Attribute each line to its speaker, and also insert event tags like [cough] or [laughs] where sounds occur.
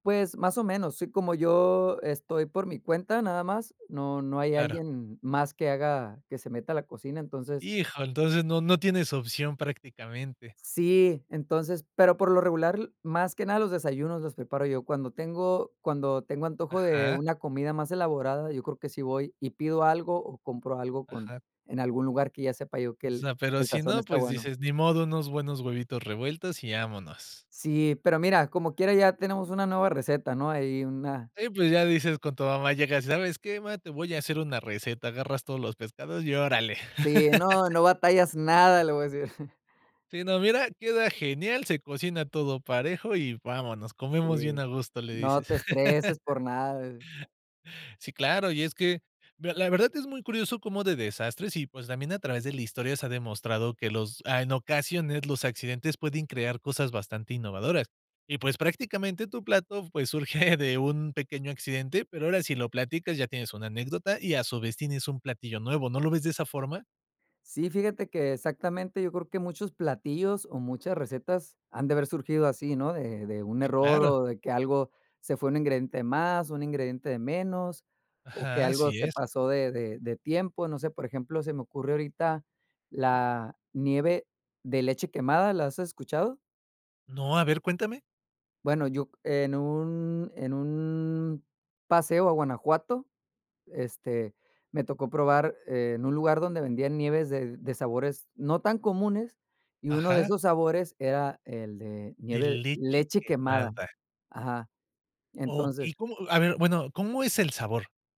Speaker 1: Pues, más o menos, sí, como yo estoy por mi cuenta, nada más, no no hay
Speaker 2: Claro.
Speaker 1: alguien más que haga, que se meta a la cocina, entonces
Speaker 2: Hijo, entonces, no no tienes opción, prácticamente.
Speaker 1: Sí, entonces, pero por lo regular, más que nada los desayunos, los preparo yo. Cuando tengo cuando tengo antojo, de
Speaker 2: Ajá.
Speaker 1: una comida más elaborada, yo creo que sí voy, y pido algo, o, compro algo, con
Speaker 2: Ajá.
Speaker 1: en algún lugar, que ya sepa yo, que
Speaker 2: O
Speaker 1: el
Speaker 2: sea, pero
Speaker 1: el
Speaker 2: si
Speaker 1: sazón
Speaker 2: no,
Speaker 1: está
Speaker 2: pues
Speaker 1: bueno.
Speaker 2: dices: "Ni modo, unos buenos huevitos revueltos, y vámonos".
Speaker 1: Sí, pero mira, como quiera ya tenemos una nueva receta, ¿no? Ahí una
Speaker 2: Sí, pues ya dices, con tu mamá llegas: "¿Sabes qué, mamá? Te voy a hacer una receta". Agarras todos los pescados y órale.
Speaker 1: Sí, no "no batallas nada",
Speaker 2: [laughs]
Speaker 1: le voy a decir. [chuckles]
Speaker 2: Sí, no, "mira, queda genial, se cocina todo parejo y vámonos, comemos bien
Speaker 1: Sí,
Speaker 2: a gusto", le
Speaker 1: no
Speaker 2: dices.
Speaker 1: te estreses
Speaker 2: [laughs]
Speaker 1: por nada.
Speaker 2: Sí, claro, y es que, mira la verdad es muy curioso, cómo de desastres y, pues, también a través de la historia, se ha demostrado que los a en ocasiones, los accidentes pueden crear, cosas bastante innovadoras. Y, pues, prácticamente tu plato, pues, surge [chuckles] de un pequeño accidente, pero ahora sí lo platicas, ya tienes una anécdota, y a su vez tienes un platillo nuevo, ¿no lo ves de esa forma?
Speaker 1: Sí, fíjate que, exactamente yo creo que, muchos platillos, o, muchas recetas, han de haber surgido así, ¿no? De de un
Speaker 2: Sí,
Speaker 1: error,
Speaker 2: claro.
Speaker 1: o, de que algo, se fue un ingrediente más, un ingrediente de menos, o, que
Speaker 2: Ajá,
Speaker 1: algo
Speaker 2: así
Speaker 1: se
Speaker 2: es.
Speaker 1: pasó de de de tiempo, no sé, por ejemplo, se me ocurre ahorita, la nieve de leche quemada, ¿la has escuchado?
Speaker 2: No, a ver, cuéntame.
Speaker 1: Bueno, yo c en un en un paseo, a Guanajuato, este, me tocó probar, eh, en un lugar, donde vendían nieves de de sabores, no tan comunes, y uno de
Speaker 2: Ajá.
Speaker 1: esos sabores, era el de
Speaker 2: De
Speaker 1: nieve
Speaker 2: leche
Speaker 1: leche quemada.
Speaker 2: quemada.
Speaker 1: Ajá.
Speaker 2: Okey,
Speaker 1: Entonces
Speaker 2: ¿cómo? A ver, bueno, ¿cómo es el sabor?